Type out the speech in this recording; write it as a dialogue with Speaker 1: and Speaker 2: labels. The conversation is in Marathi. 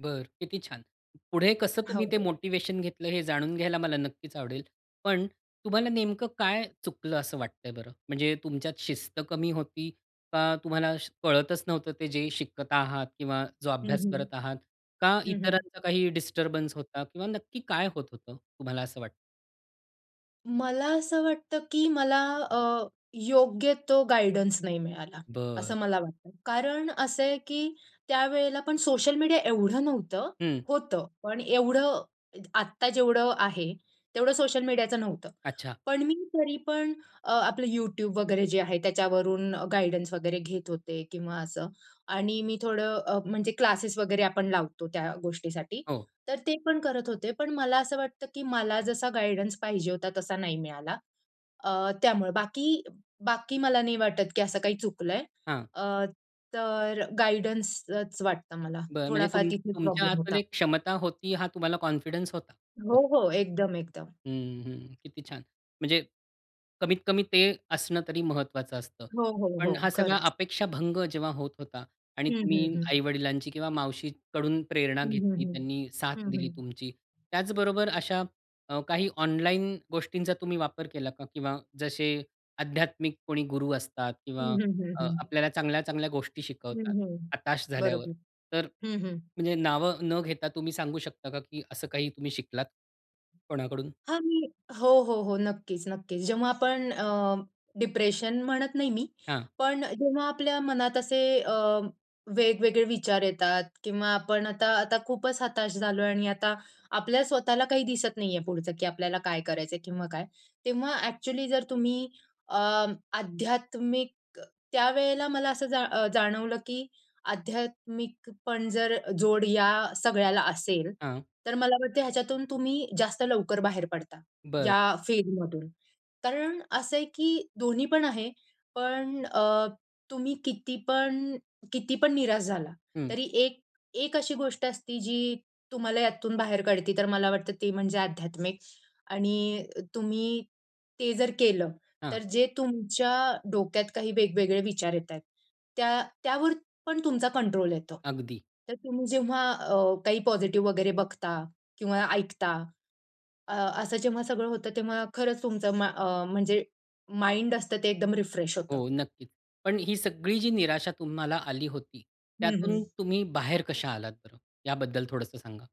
Speaker 1: बरं, किती छान! पुढे कसं तुम्ही ते
Speaker 2: हो.
Speaker 1: मोटिव्हेशन घेतलं हे जाणून घ्यायला मला नक्कीच आवडेल. पण तुम्हाला नेमकं काय चुकलं असं वाटतंय बरं? म्हणजे तुमच्यात शिस्त कमी होती का तुम्हाला श कळतच नव्हतं ते जे शिकत आहात किंवा जो
Speaker 2: हं,
Speaker 1: अभ्यास
Speaker 2: हं.
Speaker 1: करत आहात? का
Speaker 2: हं, हं.
Speaker 1: इतरांचा काही डिस्टर्बन्स होता किंवा नक्की काय होत होतं, तुम्हाला असं वाटतं?
Speaker 2: मला असं वाटतं की मला अ, योग्य तो गाईडन्स नाही मिळाला,
Speaker 1: बर.
Speaker 2: असं मला वाटतं. कारण असं आहे, की त्यावेळेला पण सोशल मीडिया एवढं नव्हतं,
Speaker 1: हं.
Speaker 2: होतं पण एवढं अ आत्ता जेवढं आहे तेवढं सोशल मीडियाचं नव्हतं.
Speaker 1: अच्छा.
Speaker 2: पण मी तरी पण अ, आपलं YouTube वगैरे जे आहे त्याच्यावरून गाईडन्स वगैरे घेत होते किंवा असं आणि मी थोडं अ, म्हणजे क्लासेस वगैरे आपण लावतो त्या गोष्टीसाठी
Speaker 1: हो.
Speaker 2: तर ते पण करत होते, पण मला असं वाटतं की मला जसा गाईडन्स पाहिजे होता तसा नाही मिळाला अ, त्यामुळं. बाकी बाकी मला नाही वाटत की असं काही चुकलं आहे.
Speaker 1: हां.
Speaker 2: अ, तर गाईडन्सच वाटतं मला,
Speaker 1: बरं, म्हणजे
Speaker 2: थोडाफार
Speaker 1: तुम
Speaker 2: तिथे
Speaker 1: तुमच्या
Speaker 2: प्रॉब्लेम होता.
Speaker 1: आतमध्ये एक क्षमता होती हा तुम्हाला कॉन्फिडन्स होता. [unintelligible]
Speaker 2: हो, हो, एकदम, एकदम.
Speaker 1: हम्म, हम्म, किती छान! म्हणजे कमीत कमी ते असणं तरी महत्वाचं असतं.
Speaker 2: हो, हो, हो,
Speaker 1: पण हा सगळा
Speaker 2: खरंच.
Speaker 1: अपेक्षाभंग जेव्हा होत होता आणि
Speaker 2: हम्म, हम्म,
Speaker 1: तुम्ही
Speaker 2: हम्म.
Speaker 1: आई-वडिलांची किंवा मावशीकडून प्रेरणा
Speaker 2: हम्म, हम्म,
Speaker 1: घेतली,
Speaker 2: हम्म.
Speaker 1: त्यांनी साथ
Speaker 2: हं,
Speaker 1: दिली
Speaker 2: हं.
Speaker 1: तुमची. त्याचबरोबर अशा अ, काही ऑनलाईन गोष्टींचा तुम्ही वापर केला का? किंवा जसे आध्यात्मिक कोणी गुरु असतात किंवा
Speaker 2: हम्म, हम्म,
Speaker 1: अ,
Speaker 2: हम्म.
Speaker 1: आपल्याला चांगल्या-चांगल्या गोष्टी शिकवतात,
Speaker 2: हम्म, हम्म.
Speaker 1: हताश झाल्यावर.
Speaker 2: बरोबर.
Speaker 1: तर
Speaker 2: हं, हं.
Speaker 1: म्हणजे नाव न घेता तुम्ही सांगू शकता का की असं काही तुम्ही शिकलात? कोणाकडून?
Speaker 2: हां, मी हो, हो, हो, नक्कीच, नक्कीच, जेव्हा आपण अ, डिप्रेशन म्हणत नाही मी,
Speaker 1: हां.
Speaker 2: पण जेव्हा आपल्या मनात असे अ, वेगवेगळे विचार येतात किंवा आपण आता आता खूपच हताश झालोय आणि आता आपल्या स्वतःला काही दिसत नाही आहे पुढचं, की आपल्याला काय करायचं आहे किंवा काय, तेव्हा ॲक्चुअली जर तुम्ही अ, आध्यात्मिक त्यावेळेला मला असं जा अ, जाणवलं की आध्यात्मिक पण जर जोड या सगळ्याला असेल
Speaker 1: हां.
Speaker 2: तर मला वाटतं ह्याच्यातून तुम्ही जास्त लवकर बाहेर पडता,
Speaker 1: बरं.
Speaker 2: या फीडमधून. कारण असं आहे की दोन्ही पण आहे. पण अ, तुम्ही कितीपण कितीपण निराश झाला
Speaker 1: हम्म.
Speaker 2: तरी एक एक अशी गोष्ट असते जी तुम्हाला यातून बाहेर काढते, तर मला वाटतं ते म्हणजे आध्यात्मिक आणि तुम्ही ते जर केलं,
Speaker 1: हां.
Speaker 2: तर जे तुमच्या डोक्यात काही वेगवेगळे विचार येतायेत त्या त्यावर पण तुमचा कंट्रोल येतो,
Speaker 1: अगदी.
Speaker 2: तर तुम्ही जेव्हा अ, काही पॉझिटिव्ह वगैरे बघता किंवा ऐकता, अ, असं जेव्हा सगळं होतं तेव्हा खरंच तुमचं मा म्हणजे माइंड असतं ते एकदम रिफ्रेश होतं.
Speaker 1: हो नक्कीच. पण ही सगळी जी निराशा तुम्हाला आली होती,
Speaker 2: हम्म,
Speaker 1: त्यातून
Speaker 2: हम्म.
Speaker 1: तुम्ही बाहेर कशा आलात बरं? याबद्दल थोडंसं सांगा.